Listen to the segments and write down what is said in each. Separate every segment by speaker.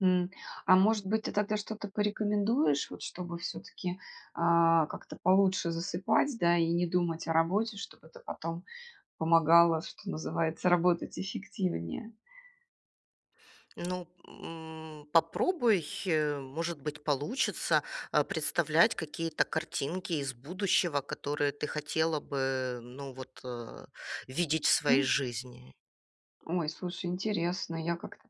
Speaker 1: Мгм. А может быть, ты тогда, что-то, порекомендуешь, вот, чтобы, всё-таки, а, как-то получше засыпать, да, и не думать о работе, чтобы это, потом помогало, что называется, работать эффективнее?
Speaker 2: Ну, м, попробуй, может быть, получится, а, представлять какие-то картинки из будущего, которые ты хотела бы, ну, вот, э, видеть в своей
Speaker 1: М.
Speaker 2: жизни.
Speaker 1: Ой, слушай, интересно, я, как-то,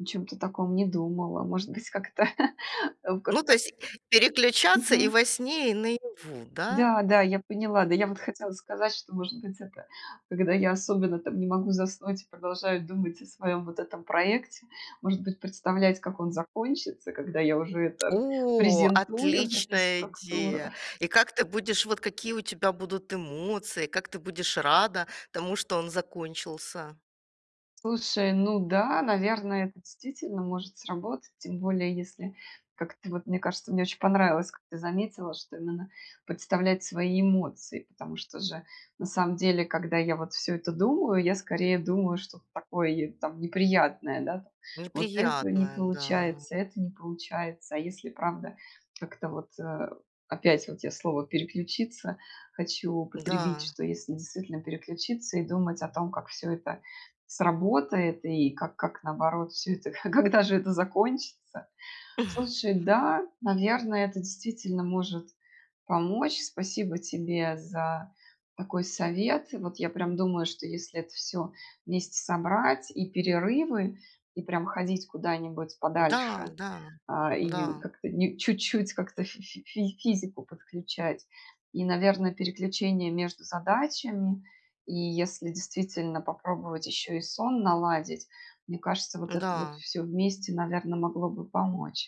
Speaker 1: о чём-то таком не думала, может быть, как-то о как
Speaker 2: Ну, то
Speaker 1: как
Speaker 2: есть, переключаться и
Speaker 1: Мгм.
Speaker 2: во сне, и наяву, да?
Speaker 1: Да, да, я поняла. Да, я вот хотела сказать, что, может быть, это когда я, особенно, там, не могу заснуть и продолжаю думать о своем, вот этом проекте, может быть, представлять, как он закончится, когда я уже это
Speaker 2: О!
Speaker 1: презентую, эту
Speaker 2: Отличная
Speaker 1: структуру.
Speaker 2: идея! И как ты будешь вот, какие у тебя будут эмоции, как ты будешь рада тому, что он закончился?
Speaker 1: Слушай, ну да, наверное, это действительно может сработать. Тем более, если, как-то, вот, мне кажется, мне очень понравилось, как ты заметила, что именно, представлять свои эмоции. Потому что, же, на самом деле, когда я, вот, всё это думаю, я, скорее, думаю что-то такое, й там неприятное, да там, вот этого не
Speaker 2: Неприятная, да.
Speaker 1: получается, это не получается. А если и правда, как-то, вот, а, опять, вот, я слово "переключиться" хочу употребить,
Speaker 2: Да.
Speaker 1: что если действительно, переключиться, и думать о том, как всё это сработает, и как как наоборот всё это а когда же это закончится? Слушай, да, наверно, это, действительно, может помочь. Спасибо тебе за такой совет. И вот я, прям, думаю, что если это всё вместе собрать- и перерывы, и, прям, ходить куда-нибудь
Speaker 2: Да,
Speaker 1: подальше,
Speaker 2: да,
Speaker 1: а, и
Speaker 2: да.
Speaker 1: как-то, ни чуть-чуть, как-то фи фи фись физику подключать, и, наверно, переключение между задачами, и, если действительно, попробовать ещё и сон наладить, мне кажется, вот это вот
Speaker 2: Н-да.
Speaker 1: всё вместе, наверно, могло бы помочь.